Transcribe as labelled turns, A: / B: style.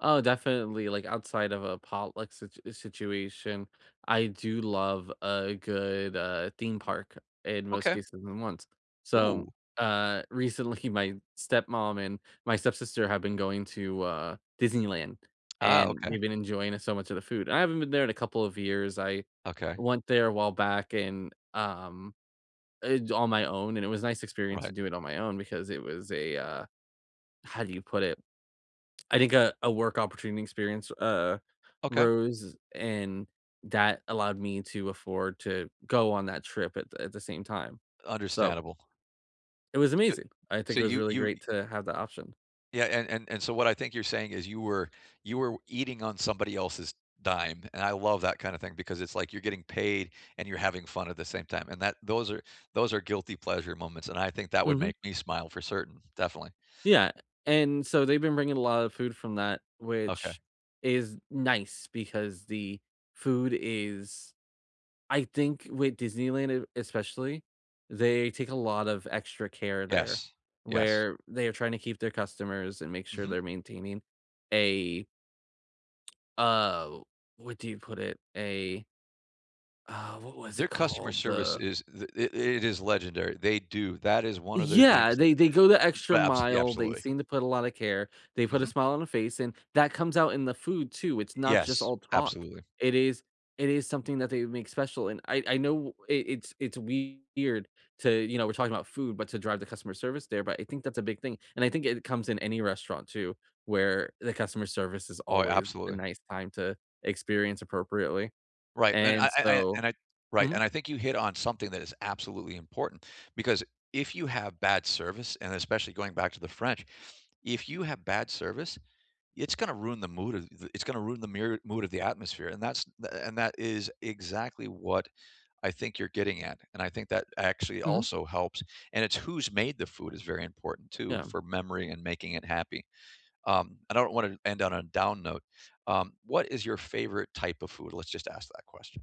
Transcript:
A: Oh, definitely, like, outside of a potluck situ uh, situation, I do love a good, uh, theme park, in most
B: Okay.
A: cases than once. So,
B: Ooh.
A: uh, recently, my stepmom and my stepsister have been going to, uh, Disneyland,
B: Ah,
A: and
B: okay.
A: they've been enjoying, uh, so much of the food, and I haven't been there in a couple of years, I
B: Okay.
A: went there a while back, and, um, uh, j on my own, and it was a nice experience to
B: Right.
A: do it on my own, because it was a, uh how do you put it? I think a a work opportunity experience w uh,
B: Okay.
A: rose, and that allowed me to afford to go on that trip at the at the same time, so
B: Understandable.
A: It was
B: So
A: amazing. I think
B: so
A: it was
B: you
A: really
B: you y
A: great to have the option.
B: Yeah, and and and so what I think you're saying is, you were w you were eating on somebody else's dime, and I love that kinda thing, because it's like you're getting paid, and you're having fun at the same time, and that those are those are guilty pleasure moments, and I think that would
A: Mhm.
B: make me smile for certain. Definitely.
A: Yeah, and so they've been bringing a lot of food from that,
B: Okay.
A: which is nice, because the food is I think with Disneyland, it especially, they take a lot of extra care there,
B: Yes, yes.
A: where they're trying to keep their customers, and make sure
B: Mhm.
A: they're maintaining a uh, what do you put it? A Uh, what was
B: Their
A: it
B: customer
A: called?
B: service
A: The
B: is th it it is legendary. They do. That is one of their things
A: Yeah,
B: that
A: they they go the extra
B: b abs yeah,
A: mile, they
B: absolutely.
A: seem to put a lotta care, they put a
B: Mhm.
A: smile on a face, and that comes out in the food too, it's not just
B: Yes,
A: all talk.
B: absolutely.
A: It is it is something that they make special, and I I know it it's it's weird to you know, we're talking 'bout food, but to drive the customer service there, but I think that's a big thing, and I think it comes in any restaurant too, where the customer service is
B: Oh,
A: always a
B: absolutely.
A: nice time to experience appropriately,
B: Right, and
A: and
B: I I I
A: so
B: and I right,
A: Mhm.
B: and I think you hit on something that is absolutely important, because if you have bad service, and especially going back to the French, if you have bad service, it's gonna ruin the mood of the it's gonna ruin the mere mood of the atmosphere, and that's th th and that is exactly what I think you're getting at, and I think that actually
A: Mhm.
B: also helps, and it's who's made the food is very important too,
A: Yeah.
B: for memory and making it happy. Um, I don't wanna end on a down note, um, what is your favorite type of food? Let's just ask that question.